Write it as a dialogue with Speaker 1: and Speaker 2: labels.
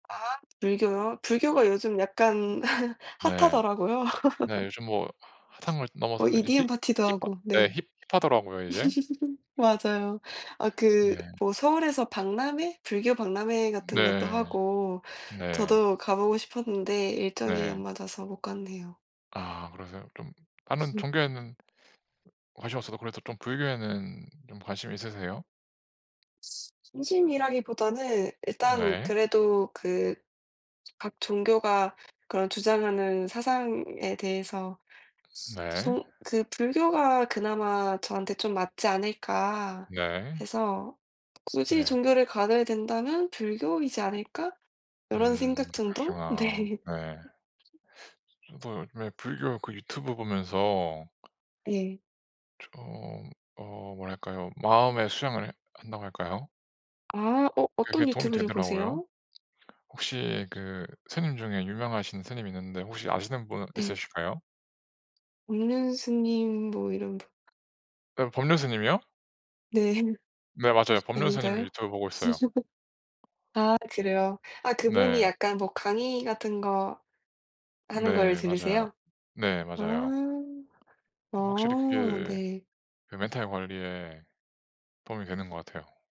Speaker 1: 아 불교요? 불교가 요즘 약간
Speaker 2: 네.
Speaker 1: 핫하더라고요.
Speaker 2: 네. 요즘 뭐 사상을 넘어서
Speaker 1: 뭐
Speaker 2: 또 이제
Speaker 1: EDM
Speaker 2: 힙
Speaker 1: 파티도
Speaker 2: 힙하
Speaker 1: 하고
Speaker 2: 예
Speaker 1: 네.
Speaker 2: 힙하더라고요 이제.
Speaker 1: 맞아요. 아 그
Speaker 2: 네.
Speaker 1: 뭐 서울에서 박람회 불교 박람회 같은 것도
Speaker 2: 네.
Speaker 1: 하고
Speaker 2: 네.
Speaker 1: 저도 가보고 싶었는데 일정이
Speaker 2: 네.
Speaker 1: 안 맞아서 못 갔네요.
Speaker 2: 아 그러세요? 좀 다른
Speaker 1: 음.
Speaker 2: 종교에는 관심 없어도 그래도 좀 불교에는 좀 관심이 있으세요?
Speaker 1: 중심이라기보다는 일단
Speaker 2: 네.
Speaker 1: 그래도 그 각 종교가 그런 주장하는 사상에 대해서
Speaker 2: 네.
Speaker 1: 좀 그 불교가 그나마 저한테 좀 맞지 않을까
Speaker 2: 네.
Speaker 1: 해서 굳이
Speaker 2: 네.
Speaker 1: 종교를 가져야 된다면 불교이지 않을까? 요런
Speaker 2: 음.
Speaker 1: 생각 정도?
Speaker 2: 그러시구나.
Speaker 1: 네.
Speaker 2: 네. 저도 요즘에 불교 그 유튜브 보면서
Speaker 1: 예.
Speaker 2: 좀 어 뭐랄까요? 마음의 수양을 한다고 할까요?
Speaker 1: 아. 어
Speaker 2: 그게
Speaker 1: 어떤
Speaker 2: 도움이
Speaker 1: 유튜브를
Speaker 2: 되더라고요.
Speaker 1: 보세요?
Speaker 2: 혹시 그 스님 중에 유명하신 스님이 있는데 혹시 아시는 분
Speaker 1: 네.
Speaker 2: 있으실까요?
Speaker 1: 법륜 스님 뭐 이런 분.
Speaker 2: 네 법륜 스님이요?
Speaker 1: 네.
Speaker 2: 네. 맞아요. 법륜 스님
Speaker 1: 아닌가요?
Speaker 2: 유튜브 보고 있어요.
Speaker 1: 아 그래요. 아 그분이
Speaker 2: 네.
Speaker 1: 약간 뭐 강의 같은 거 하는 걸
Speaker 2: 네. 맞아요.
Speaker 1: 들으세요?
Speaker 2: 네.
Speaker 1: 아.
Speaker 2: 맞아요. 확실히
Speaker 1: 어.
Speaker 2: 그게
Speaker 1: 네.
Speaker 2: 그 멘탈 관리에 도움이 되는 것 같아요.